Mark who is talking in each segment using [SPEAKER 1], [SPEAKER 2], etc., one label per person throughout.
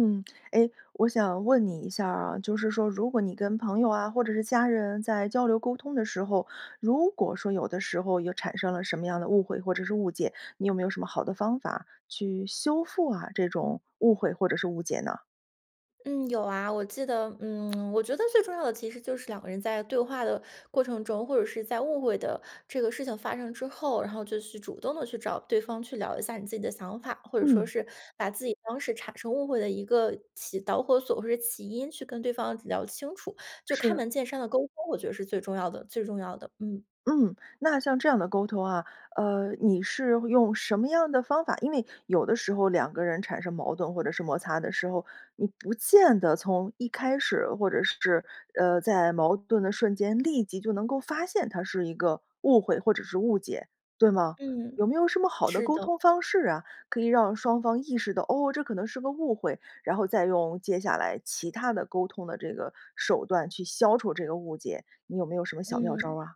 [SPEAKER 1] 嗯，哎，我想问你一下儿啊，就是说如果你跟朋友啊，或者是家人在交流沟通的时候，如果说有的时候有产生了什么样的误会，或者是误解，你有没有什么好的方法去修复啊，这种误会或者是误解呢？
[SPEAKER 2] 嗯，有啊。我记得，嗯，我觉得最重要的其实就是两个人在对话的过程中，或者是在误会的这个事情发生之后，然后就去主动地去找对方去聊一下你自己的想法，或者说
[SPEAKER 1] 嗯。
[SPEAKER 2] 是把自己当时产生误会的一个起导火索或者起因去跟对方聊清楚，就开
[SPEAKER 1] 是。
[SPEAKER 2] 门见山地沟通，我觉得是最重要的，最重要的，嗯。
[SPEAKER 1] 嗯，那像这样的沟通啊，呃，你是用什么样的方法？因为有的时候两个人产生矛盾或者是摩擦的时候，你不见得从一开始，或者是，呃在矛盾的瞬间，立即就能够发现它是一个误会，或者是误解，对吗？有
[SPEAKER 2] 嗯，
[SPEAKER 1] 没有什么好的
[SPEAKER 2] 是
[SPEAKER 1] 沟
[SPEAKER 2] 的。
[SPEAKER 1] 通方式啊？可以让双方意识到，哦，这可能是个误会，然后再用接下来其他的沟通的这个手段，去消除这个误解，你有没有什么小妙招
[SPEAKER 2] 嗯。
[SPEAKER 1] 儿啊？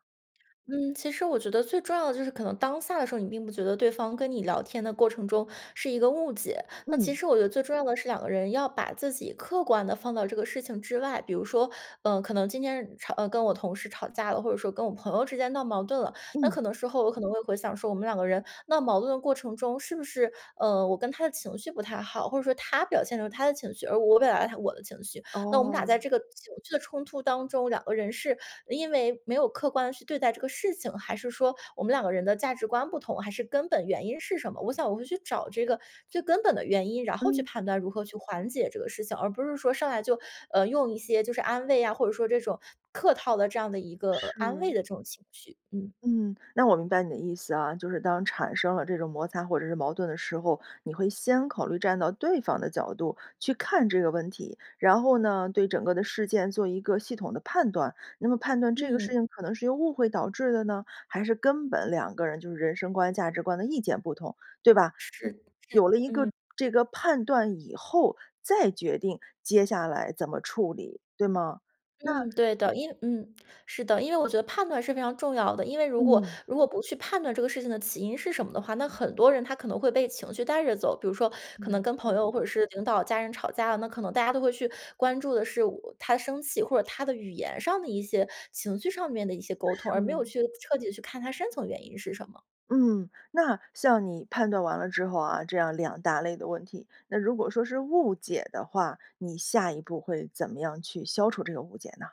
[SPEAKER 2] 嗯，其实我觉得最重要的就是可能当下的时候，你并不觉得对方跟你聊天的过程中是一个误解。那其
[SPEAKER 1] 嗯。
[SPEAKER 2] 实我觉得最重要的是，两个人要把自己客观地放到这个事情之外，比如说，呃，可能今天吵跟我同事吵架了，或者说跟我朋友之间闹矛盾了。那
[SPEAKER 1] 嗯。
[SPEAKER 2] 可能时候我可能会回想说，我们两个人闹矛盾的过程中，是不是，呃我跟他的情绪不太好，或者说他表现有他的情绪，而我表达有我的情绪，那我们俩在
[SPEAKER 1] 哦。
[SPEAKER 2] 这个情绪的冲突当中，两个人是因为没有客观地去对待这个事情？还是说我们两个人的价值观不同？还是根本原因是什么？我想我会去找这个最根本的原因，然后去
[SPEAKER 1] 嗯。
[SPEAKER 2] 判断如何去缓解这个事情，而不是说，上来就，呃用一些就是安慰呀，或者说这种客套的这样的一个呃安慰
[SPEAKER 1] 是。
[SPEAKER 2] 的这种情绪，嗯。
[SPEAKER 1] 嗯，那我明白你的意思啊。就是当产生了这种摩擦或者是矛盾的时候，你会先考虑站到对方的角度，去看这个问题，然后呢，对整个的事件做一个系统的判断。那么判断这个事
[SPEAKER 2] 嗯。
[SPEAKER 1] 情，可能是由误会导致的呢？还是根本两个人就是人生观、价值观的意见不同，对吧？
[SPEAKER 2] 是的是的，
[SPEAKER 1] 有了一个
[SPEAKER 2] 嗯。
[SPEAKER 1] 这个判断以后，再决定，接下来怎么处理，对吗？那
[SPEAKER 2] 嗯，对的，因嗯，是的。因为我觉得判断是非常重要的，因为如果
[SPEAKER 1] 嗯。
[SPEAKER 2] 如果不去判断这个事情的起因是什么的话，那很多人他可能会被情绪带着走。比如说可能
[SPEAKER 1] 没
[SPEAKER 2] 跟朋
[SPEAKER 1] 错。
[SPEAKER 2] 友或者是领导、家人吵架，那可能大家都会去关注的是我他生气，或者他的语言上的一些，情绪上面的一些沟通，而没有
[SPEAKER 1] 是。
[SPEAKER 2] 去彻底地去看它深层原因是什么。
[SPEAKER 1] 嗯，那像你判断完了之后啊，这样两大类的问题。那如果说是误解的话，你下一步会怎么样去消除这个误解呢？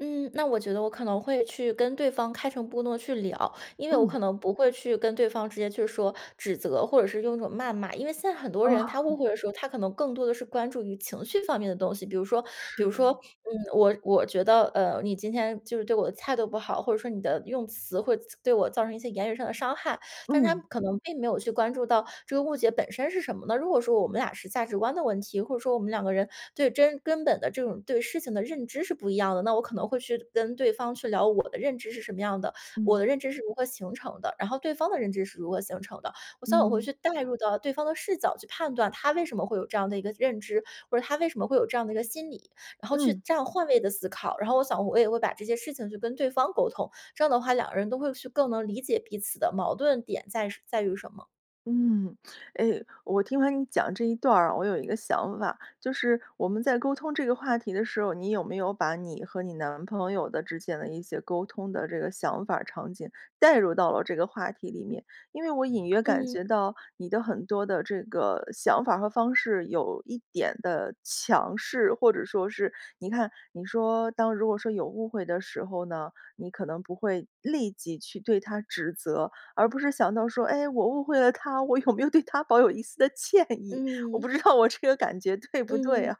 [SPEAKER 2] 嗯，那我觉得我可能会去跟对方开诚布公地去聊，因为我
[SPEAKER 1] 嗯。
[SPEAKER 2] 可能不会去跟对方直接去说指责，或者是用一种谩骂。因为现在很多人他误
[SPEAKER 1] 哦。
[SPEAKER 2] 会的时候，他可能更多的是关注于情绪方面的东西，比如说比如说
[SPEAKER 1] 是。
[SPEAKER 2] 嗯，我我觉得呃，你今天就是对我的态度不好，或者说你的用词会对我造成一些言语上的伤害。但是他
[SPEAKER 1] 嗯。
[SPEAKER 2] 可能并没有去关注到这个误解本身是什么呢？如果说我们俩是价值观的问题，或者说我们两个人对真根本的这种对事情的认知是不一样的，那我可能会去跟对方去聊我的认知是什么样的，我
[SPEAKER 1] 嗯。
[SPEAKER 2] 的认知是如何形成的，然后对方的认知是如何形成的，我想我会
[SPEAKER 1] 嗯。
[SPEAKER 2] 去代入到对方的视角去判断他为什么会有这样的一个认知，或者他为什么会有这样的一个心理。然后去
[SPEAKER 1] 嗯。
[SPEAKER 2] 这样换位地思考，然后我想我也会把这些事情去跟对方沟通，这样的话，两个人都会去更能理解彼此的矛盾点在什在于什么。
[SPEAKER 1] 嗯，哎，我听完你讲这一段儿啊，我有一个想法。就是我们在沟通这个话题的时候，你有没有把你和你男朋友的之间的一些沟通的这个想法儿、场景代入到了这个话题里面？因为我隐约感
[SPEAKER 2] 嗯。
[SPEAKER 1] 觉到，你的很多的这个想法儿和方式有一点的强势。或者说是你看你说当如果说有误会的时候呢，你可能不会立即去对他指责，而不是想到说：“哎，我误会了他，我有没有对他抱有一丝的歉意。”我不
[SPEAKER 2] 嗯。
[SPEAKER 1] 知道我这个感觉对不对
[SPEAKER 2] 嗯，
[SPEAKER 1] 啊，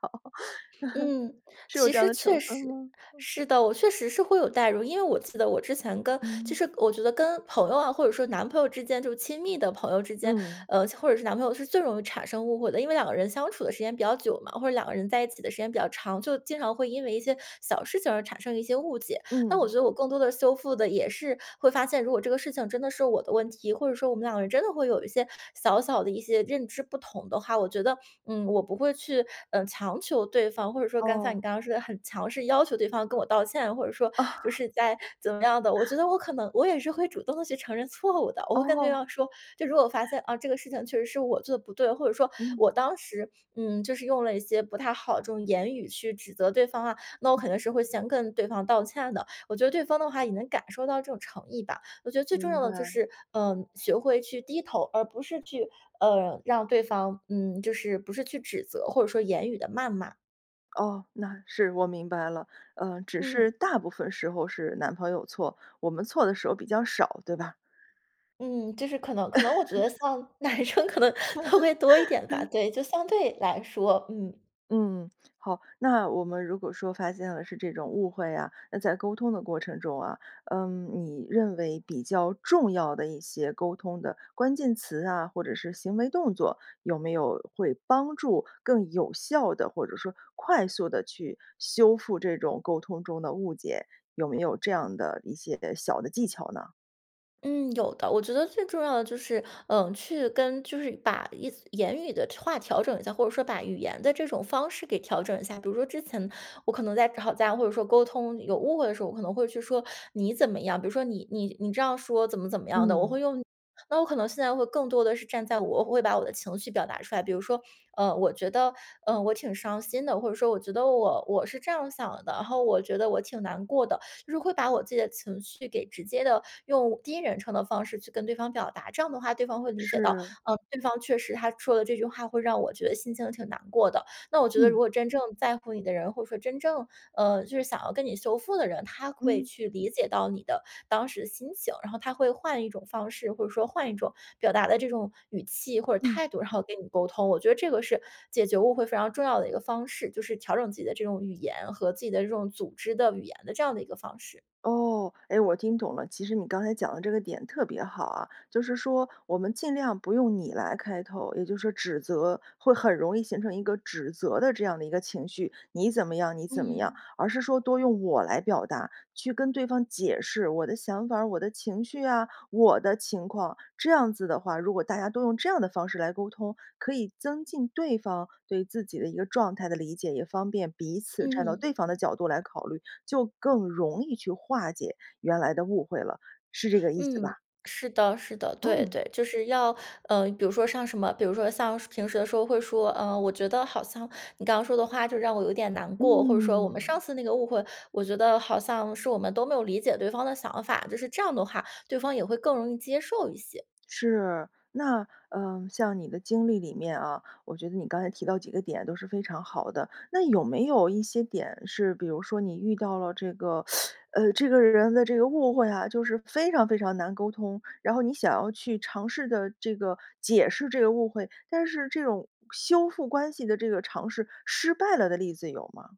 [SPEAKER 2] 嗯，
[SPEAKER 1] 是有
[SPEAKER 2] 其
[SPEAKER 1] 这样
[SPEAKER 2] 实
[SPEAKER 1] 的成
[SPEAKER 2] 确
[SPEAKER 1] 分
[SPEAKER 2] 实
[SPEAKER 1] 吗？
[SPEAKER 2] 是的，我确实是会有
[SPEAKER 1] 嗯。
[SPEAKER 2] 代入。因为我记得我之前跟其
[SPEAKER 1] 嗯。
[SPEAKER 2] 实我觉得跟朋友啊，或者说男朋友之间就亲密的朋友之间，
[SPEAKER 1] 嗯。
[SPEAKER 2] 呃，或者是男朋友是最容易产生误会的。因为两个人相处的时间比较久嘛，或者两个人在一起的时间比较长，就经常会因为一些小事情而产生一些误解。那我觉
[SPEAKER 1] 嗯。
[SPEAKER 2] 得我更多地修复的也是会发现，如果这个事情真的是我的问题，或者说我们两个人真的会有一些小小的一些认知不同的话，我觉得，嗯，我不会去，嗯，强求对方或者说刚才像你
[SPEAKER 1] 哦。
[SPEAKER 2] 刚刚说的很强势要求对方跟我道歉。或者说就是在怎么样的，我觉 得我可能我也是会主动地去承认错误的。我会跟对
[SPEAKER 1] 哦。
[SPEAKER 2] 方说，就如果我发现啊，这个事情确实是我做得不对，或者说
[SPEAKER 1] 嗯。
[SPEAKER 2] 我当时嗯，就是用了一些不太好的这种言语去指责对方啊，那我
[SPEAKER 1] 嗯。
[SPEAKER 2] 可能是会先跟对方道歉的。我觉得对方的话也能感受到这种诚意吧。我觉得最重
[SPEAKER 1] 明
[SPEAKER 2] 要的就
[SPEAKER 1] 白。
[SPEAKER 2] 是，呃，学会去低头，而不是去，呃，让对方嗯，就是不是去指责，或者说言语的谩骂。
[SPEAKER 1] 哦，那是，我明白了，呃，只是
[SPEAKER 2] 嗯。
[SPEAKER 1] 大部分时候是男朋友错，我们错的时候比较少，对吧？
[SPEAKER 2] 嗯，就是可能可能我觉得像男生 可能都会多一点吧，对，就相对来说，嗯。
[SPEAKER 1] 嗯，好，那我们如果说发现了是这种误会啊，那在沟通的过程中啊，嗯，你认为比较重要的一些沟通的关键词啊，或者是行为动作，有没有会帮助更有效地，或者说快速地去修复这种沟通中的误解？有没有这样的一些小的技巧呢？
[SPEAKER 2] 嗯，有的，我觉得最重要的就是，呃，去跟就是把一言语的话调整一下，或者说把语言的这种方式给调整一下。比如说之前我可能在吵架，或者说沟通有误会的时候，我可能会去说“你怎么样”，比如说：“你你你这样说怎么怎么样的。”我
[SPEAKER 1] 嗯。
[SPEAKER 2] 会用那我可能现在会更多的是站在我，我会把我的情绪表达出来。比如说，呃，“我觉得”，呃，“我挺伤心的”，或者说：“我觉得我我是这样想的，然后我觉得我挺难过的。”就是会把我自己的情绪给直接地用第一人称的方式去跟对方表达，这样的话对方会理解到，
[SPEAKER 1] 是。
[SPEAKER 2] 呃，对方确实他说的这句话会让我觉得心情挺难过的。那我觉得如
[SPEAKER 1] 嗯。
[SPEAKER 2] 果真正在乎你的人，或者说真正，呃，就是想要跟你修复的人，他会
[SPEAKER 1] 嗯。
[SPEAKER 2] 去理解到你的当时的心情，然后他会换一种方式，或者说换一种表达的这种语气或者
[SPEAKER 1] 嗯。
[SPEAKER 2] 态度，然后跟你沟通。我觉得这个是解决误会非常重要的一个方式，就是调整自己的这种语言，和自己的这种组织的语言的这样的一个方式。
[SPEAKER 1] 哦，哎，我听懂了。其实你刚才讲的这个点特别好啊，就是说我们尽量不用你来开头，也就是指责，会很容易形成一个指责的这样的一个情绪，"你怎么样你怎么样。"
[SPEAKER 2] 嗯。
[SPEAKER 1] 而是说多用我来表达，去跟对方解释我的想法儿，我的情绪啊，我的情况。这样子的话，如果大家都用这样的方式来沟通，可以增进对方对自己的一个状态的理解，也方便彼此站到
[SPEAKER 2] 嗯。
[SPEAKER 1] 对方的角度来考虑，就更容易去化解原来的误会了，是这个意思吧？
[SPEAKER 2] 嗯，是的，是的，对，
[SPEAKER 1] 嗯。
[SPEAKER 2] 对。就是要，呃，比如说像什么，比如说像平时的时候会说：“呃，我觉得好像你刚刚说的话就让我有点难过”，或者说：“我们
[SPEAKER 1] 嗯。
[SPEAKER 2] 上次那个误会，我觉得好像是我们都没有理解对方的想法”，就是这样的话，对方也会更容易接受一些。
[SPEAKER 1] 是，那，呃，像你的经历里面啊，我觉得你刚才提到几个点都是非常好的。那有没有一些点，是比如说你遇到了这个，呃，这个人的这个误会啊，就是非常非常难沟通，然后你想要去尝试着这个解释这个误会，但是这种修复关系的这个尝试，失败了的例子有吗？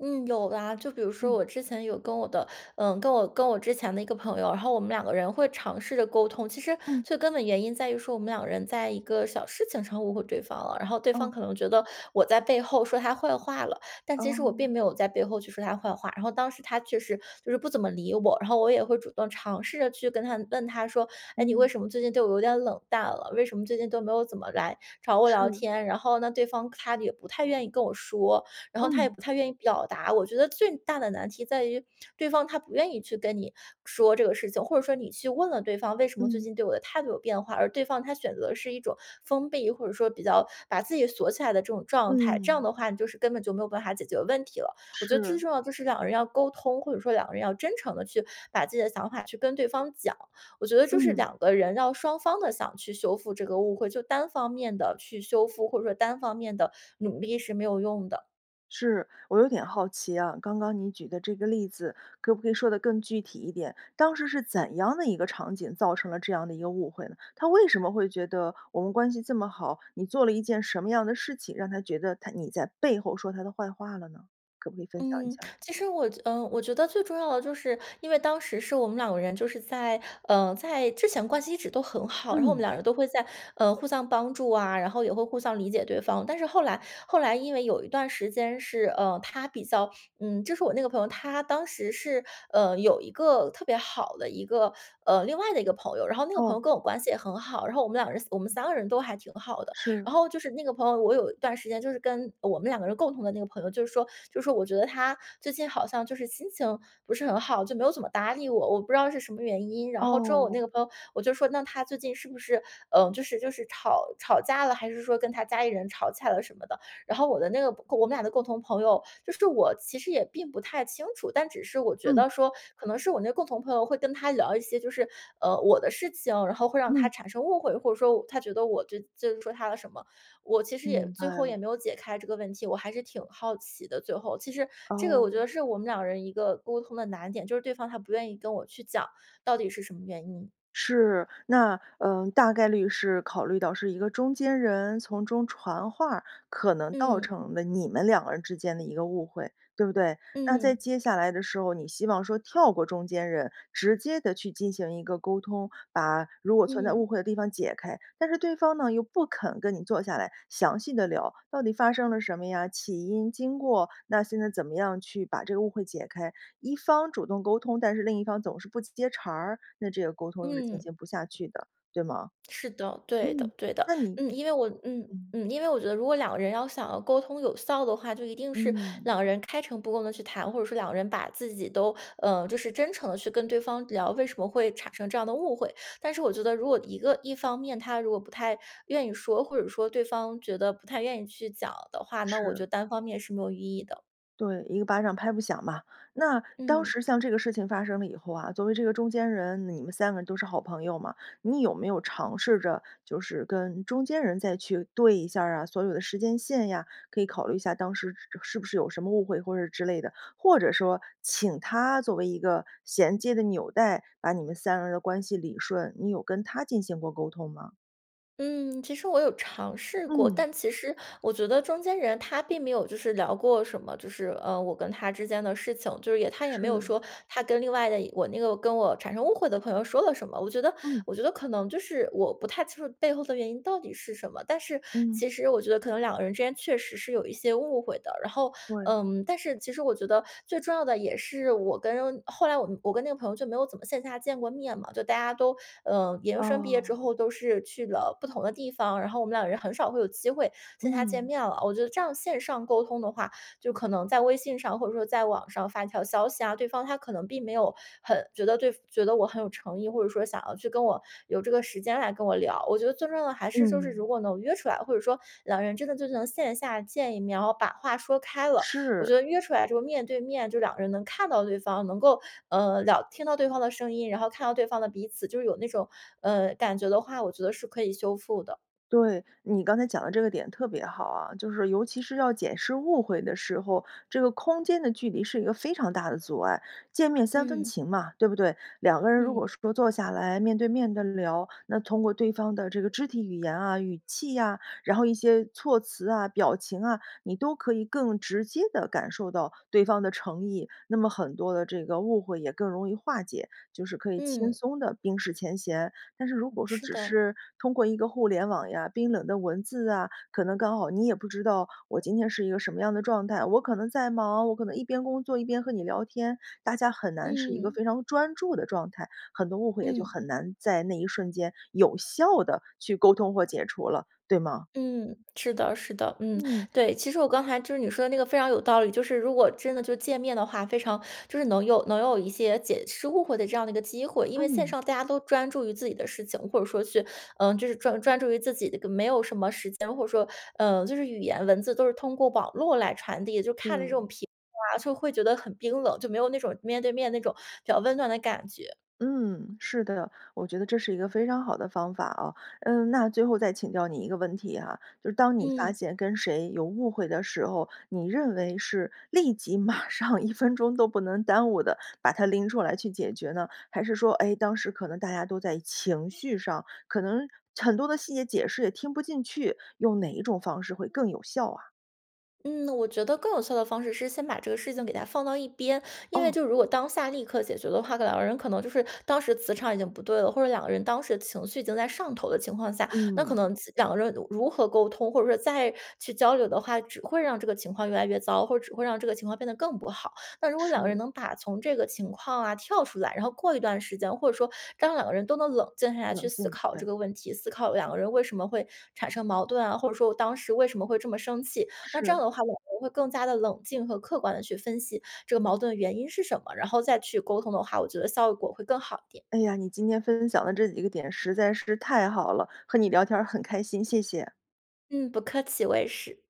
[SPEAKER 2] 嗯，有啊。就比如说
[SPEAKER 1] 嗯。
[SPEAKER 2] 我之前有跟我的，嗯，跟我跟我之前的一个朋友，然后我们2个人会尝试着沟通。其实
[SPEAKER 1] 嗯。
[SPEAKER 2] 最根本原因在于说我们2个人在一个小事情上误会对方了，然后对方
[SPEAKER 1] 哦。
[SPEAKER 2] 可能觉得我在背后说她坏话了，但其实我
[SPEAKER 1] 哦。
[SPEAKER 2] 并没有在背后去说她坏话。然后当时她确实就是不怎么理我，然后我也会主动尝试着去跟她问她说：“哎，你为
[SPEAKER 1] 嗯。
[SPEAKER 2] 什么最近对我有点冷淡了？为什么最近都没有怎么来找我聊
[SPEAKER 1] 是。
[SPEAKER 2] 天？“然后呢，对方她也不太愿意跟我说，然后她
[SPEAKER 1] 嗯。
[SPEAKER 2] 也不太愿意表达。我觉得最大的难题在于，对方她不愿意去跟你说这个事情，或者说你去问了对方：”为什么最
[SPEAKER 1] 嗯。
[SPEAKER 2] 近对我的态度有变化？“而对方她选择的是一种封闭，或者说比较把自己锁起来的这种状态，这样
[SPEAKER 1] 嗯。
[SPEAKER 2] 的话你就是根本就没有办法解决问题了。我觉得
[SPEAKER 1] 是。
[SPEAKER 2] 最重要的就是2个人要沟通，或者说2个人要真诚地去把自己的想法去跟对方讲，我觉得就是
[SPEAKER 1] 嗯。
[SPEAKER 2] 2个人要双方地想去修复这个误会，就单方面地去修复，或者说单方面地努力是没有用的。
[SPEAKER 1] 是，我有点好奇啊，刚刚你举的这个例子，可不可以说得更具体一点？当时是怎样的一个场景造成了这样的一个误会呢？她为什么会觉得我们关系这么好，你做了一件什么样的事情，让她觉得她你在背后说她的坏话了呢？可不可以分享一
[SPEAKER 2] 嗯，
[SPEAKER 1] 下？
[SPEAKER 2] 其实我觉呃，我觉得最重要的就是，因为当时是我们2个人就是在，呃，在之前关系一直都很好。然后我们
[SPEAKER 1] 嗯。
[SPEAKER 2] 2个人都会在呃，互相帮助啊，然后也会互相理解对方。但是后来，后来因为有一段时间是，呃，她比较，嗯，就是我那个朋友，她当时是，呃，有一个特别好的一个，呃，另外的一个朋友。然后那个朋
[SPEAKER 1] 哦。
[SPEAKER 2] 友跟我关系也很好，然后我们2个人，我们3个人都还挺好的。
[SPEAKER 1] 是。
[SPEAKER 2] 然后就是那个朋友，我有一段时间就是跟我们2个人共同的那个朋友，就是说就是说我觉得她最近好像，就是心情不是很好，就没有怎么搭理我，我不知道是什么原因。然后之后我
[SPEAKER 1] 哦。
[SPEAKER 2] 那个朋友，我就说：”那她最近是不是，呃，就是就是吵吵架了？还是说跟她家里人吵架了什么的？“然后我的那个我们俩的共同朋友，就是我其实也并不太清楚，但只是我觉
[SPEAKER 1] 嗯。
[SPEAKER 2] 得说，可能是我那共同朋友会跟她聊一些就是，呃，我的事情，然后会让她
[SPEAKER 1] 嗯。
[SPEAKER 2] 产生误会。或者说我她觉得我就就是说她的什么，我其实也
[SPEAKER 1] 明
[SPEAKER 2] 最
[SPEAKER 1] 白
[SPEAKER 2] 后也
[SPEAKER 1] 了。
[SPEAKER 2] 没有解开这个问题，我还是挺好奇的最后。其实这个我觉
[SPEAKER 1] 哦。
[SPEAKER 2] 得是我们2个人一个沟通的难点，就是对方她不愿意跟我去讲，到底是什么原因。
[SPEAKER 1] 是，那呃，大概率是考虑到是一个中间人从中传话，可能倒
[SPEAKER 2] 嗯。
[SPEAKER 1] 成了你们2个人之间的一个误会，对不对？那在
[SPEAKER 2] 嗯。
[SPEAKER 1] 接下来的时候，你希望说跳过中间人，直接地去进行一个沟通，把如果存在误
[SPEAKER 2] 嗯。
[SPEAKER 1] 会的地方解开。但是对方呢，又不肯跟你坐下来详细地聊，到底发生了什么呀，起因经过，那现在怎么样去把这个误会解开。一方主动沟通，但是另一方总是不接茬儿，那这个沟通是进
[SPEAKER 2] 嗯。
[SPEAKER 1] 行不下去的，对吗？
[SPEAKER 2] 是的，对的
[SPEAKER 1] 嗯，
[SPEAKER 2] 对的。
[SPEAKER 1] 那你
[SPEAKER 2] 嗯，因为我嗯
[SPEAKER 1] 嗯。
[SPEAKER 2] 嗯，因为我觉得如果2个人要想要沟通有效的话，就一定是
[SPEAKER 1] 嗯。
[SPEAKER 2] 2个人开诚布公地去谈。或者说2个人把自己都呃，就是真诚地去跟对方聊，为什么会产生这样的误会。但是我觉得如果一个一方面她如果不太愿意说，或者说对方觉得不太愿意去讲的话，那我觉
[SPEAKER 1] 是。
[SPEAKER 2] 得单方面是没有意义的。
[SPEAKER 1] 对，一个巴掌拍不响嘛。那当
[SPEAKER 2] 嗯。
[SPEAKER 1] 时像这个事情发生了以后啊，作为这个中间人，你们三个人都是好朋友嘛。你有没有尝试着就是跟中间人再去对一下儿啊，所有的时间线呀，可以考虑一下当时是是不是有什么误会或者之类的？或者说请她作为一个衔接的纽带，把你们三个人的关系理顺，你有跟她进行过沟通吗？
[SPEAKER 2] 嗯，其实我有尝试过。
[SPEAKER 1] 嗯。
[SPEAKER 2] 但其实我觉得中间人她并没有就是聊过什么，就是，嗯，我跟她之间的事情，就是也她也没有
[SPEAKER 1] 是。
[SPEAKER 2] 说，她跟另外的也我那个跟我产生误会的朋友说了什么。我觉得
[SPEAKER 1] 嗯。
[SPEAKER 2] 我觉得可能就是我不太清楚背后的原因到底是什么？但是
[SPEAKER 1] 嗯。
[SPEAKER 2] 其实我觉得可能两个人之间确实是有一些误会的。然后，
[SPEAKER 1] 对。
[SPEAKER 2] 嗯，但是其实我觉得最重要的也是我跟后来我跟那个朋友就没有怎么线下见过面嘛，就大家都，呃，研究生毕业之
[SPEAKER 1] 哦。
[SPEAKER 2] 后都是去了不同的地方，然后我们两人很少会有机会线下见
[SPEAKER 1] 嗯。
[SPEAKER 2] 面了。我觉得这样线上沟通的话，就可能在微信上或者说在网上发一条消息啊，对方她可能并没有很觉得对觉得我很有诚意，或者说想要去跟我有这个时间来跟我聊。我觉得最重要的还是就是
[SPEAKER 1] 嗯。
[SPEAKER 2] 如果能约出来，或者说两人真的就能线下见一面，然后把话说开了，我觉
[SPEAKER 1] 是。
[SPEAKER 2] 得约出来之后面对面，就两个人能看到对方，能够，呃，聊听到对方的声音，然后看到对方的彼此就有那种，呃，感觉的话，我觉得是可以修复的。
[SPEAKER 1] 对，你刚才讲得这个点特别好啊，就是尤其是要解释误会的时候，这个空间的距离是一个非常大的阻碍，见面三分
[SPEAKER 2] 嗯。
[SPEAKER 1] 情嘛，对不对？两个人如
[SPEAKER 2] 嗯。
[SPEAKER 1] 果说坐下来面对面地聊，那通过对方的这个肢体语言啊、语气啊，然后一些措辞啊、表情啊，你都可以更直接地感受到对方的诚意，那么很多的这个误会也更容易化解，就是可以轻
[SPEAKER 2] 嗯。
[SPEAKER 1] 松地冰释前嫌。但是如果说
[SPEAKER 2] 是
[SPEAKER 1] 只
[SPEAKER 2] 的。
[SPEAKER 1] 是通过一个互联网呀、冰冷的文字啊，可能刚好你也不知道我今天是一个什么样的状态，我可能在忙，我可能一边工作、一边和你聊天，大家很难是一个
[SPEAKER 2] 嗯。
[SPEAKER 1] 非常专注地状态，很多误会也就
[SPEAKER 2] 嗯。
[SPEAKER 1] 很难在那一瞬间有效地去沟通或解除了，对吗？
[SPEAKER 2] 嗯，是的，是的，嗯，
[SPEAKER 1] 嗯。
[SPEAKER 2] 对，其实我刚才就是你说的那个非常有道理。就是如果真的就见面的话，非常就是能有能有一些解释误会的这样的一个机会。因为线
[SPEAKER 1] 嗯。
[SPEAKER 2] 上大家都专注于自己的事情，或者说去呃，就是专专注于自己的没有什么时间，或者说呃，就是语言文字都是通过网络来传递，就看着这种
[SPEAKER 1] 对。
[SPEAKER 2] 屏幕啊，就会觉得很冰冷，就没有那种面对面那种比较温暖的感觉。
[SPEAKER 1] 嗯，是的，我觉得这是一个非常好的方法啊。嗯，那最后再请教你一个问题啊，就是当你发
[SPEAKER 2] 嗯。
[SPEAKER 1] 现跟谁有误会的时候，你认为是立即、马上、1分钟都不能耽误地把它拎出来去解决呢？还是说，哎，当时可能大家都在情绪上，可能很多的细节解释也听不进去，用哪一种方式会更有效啊？
[SPEAKER 2] 嗯，我觉得更有效的方式是先把这个事情给它放到一边，因为
[SPEAKER 1] 哦。
[SPEAKER 2] 就如果当下立刻解决的话，可能两个人可能就是当时磁场已经不对了，或者两个人当时情绪已经在上头的情况下，那可
[SPEAKER 1] 嗯。
[SPEAKER 2] 能几两个人如如何沟通，或者说再去交流的话，只会让这个情况越来越糟，或者只会让这个情况变得更不好。那如果两个人
[SPEAKER 1] 是。
[SPEAKER 2] 能把从这个情况啊跳出来，然后过一段时间，或者说当两个人都能冷静下来去
[SPEAKER 1] 冷
[SPEAKER 2] 思
[SPEAKER 1] 静，
[SPEAKER 2] 考
[SPEAKER 1] 对。
[SPEAKER 2] 这个问题，思考两个人为什么会产生矛盾啊、或者说我当时为什么会这么生气，那这
[SPEAKER 1] 是。
[SPEAKER 2] 样的话，两个人会更加地冷静和客观地去分析这个矛盾的原因是什么，然后再去沟通的话，我觉得效果会更好一点。
[SPEAKER 1] 哎呀，你今天分享的这几个点实在是太好了，和你聊天儿很开心，谢谢。
[SPEAKER 2] 嗯，不客气，我也是。